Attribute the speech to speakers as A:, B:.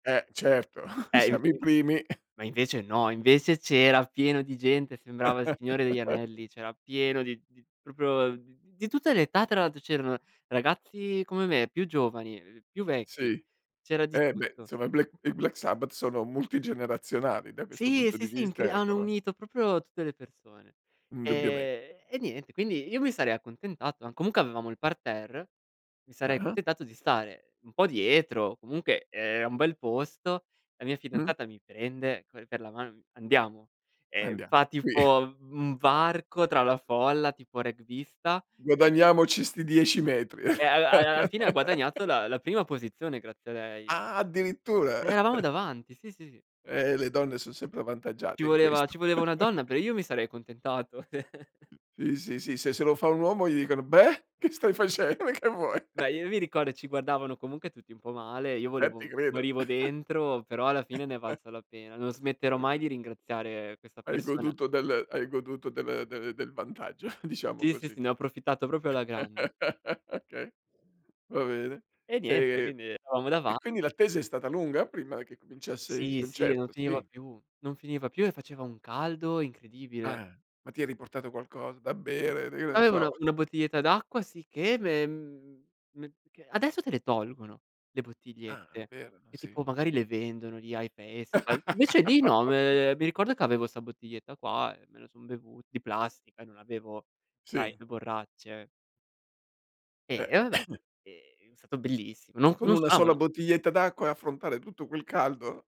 A: Eh, certo.
B: Eh,
A: Siamo i
B: [unintelligible]
A: primi.
B: ma invece no. Invece c'era pieno di gente, sembrava il Signore degli anelli; c'era pieno di di proprio uhm, di tutte le età, tra l'altro; c'erano ragazzi come me, più giovani, ehm, più vecchi,
A: Sì.
B: c'era di
A: Eh, beh,
B: tutto.
A: insomma i Black i Black Sabbath sono multigenerazionali da questo
B: Sì, e
A: punto di
B: sì, sì,
A: vista,
B: incre
A: ecco,
B: hanno
A: no?
B: unito proprio tutte le persone.
A: Indubbiame
B: Ehm, e niente, quindi io mi sarei accontentato ma comunque avevamo il parterre, mi sarei
A: Ah-ah.
B: accontentato di stare un po' dietro, comunque e era un bel posto, la mia
A: Mh.
B: fidanzata mi prende co per la mano, mi fa: "Andiamo." E
A: Andia
B: fa
A: qui.
B: tipo un un varco tra la folla, tipo rugbista e
A: Guadagniamoci sti 10 metri.
B: e alla al alla fine ha guadagnato la la prima posizione grazie a lei.
A: Ah, addirittura!
B: Eravamo davanti, sì, sì.
A: Eh, le donne son sempre
B: Ci
A: avvantaggiate in
B: voleva
A: questo.
B: ci voleva una donna, però io mi sarei accontentato.
A: Sì, sì, sì. Se se lo fa un uomo gli dicono: "Beh, che stai face ma che vuoi?"
B: Beh, io mi ricordo e ci guardavano comunque tutti un po' male, io
A: Eh, ti
B: volevo
A: credo.
B: morivo dentro, però alla fine ne è valsa la pena. Non smetterò mai
A: Okay.
B: di ringraziare questa
A: Hai
B: persona.
A: goduto del hai goduto del del del vantaggio, diciamo
B: Sì, sì, sì,
A: così.
B: ne ho approfittato proprio alla grande.
A: Okay, va bene.
B: E niente,
A: Ehm,
B: quindi eravamo
A: e
B: dava
A: quindi l'attesa è stata lunga prima che cominciasse il
B: Sì, sì, e non
A: concerto,
B: finiva
A: sì?
B: più. Non finiva più e faceva un caldo incredibile.
A: Ah, ma ti eri portato qualcosa, da bere d che ne
B: Aveva una
A: so.
B: una bottiglietta d'acqua, sicché, ve mhmm, me perchè adesso te le tolgono le
A: Ah,
B: bottigliette,
A: bere. No,
B: che
A: sì.
B: tipo magari le vendono lì ai festival; invece lì no, ehm, mi ricordo che avevo sta bottiglietta qua e me lo son bevu di plastica e non avevo, sai,
A: Sì.
B: le borracce. Eh,
A: Eh.
B: e vabbè. È è stato bellissimo. No
A: Con
B: non
A: una sola
B: stavano
A: bottiglietta d'acqua e affrontare tutto quel caldo?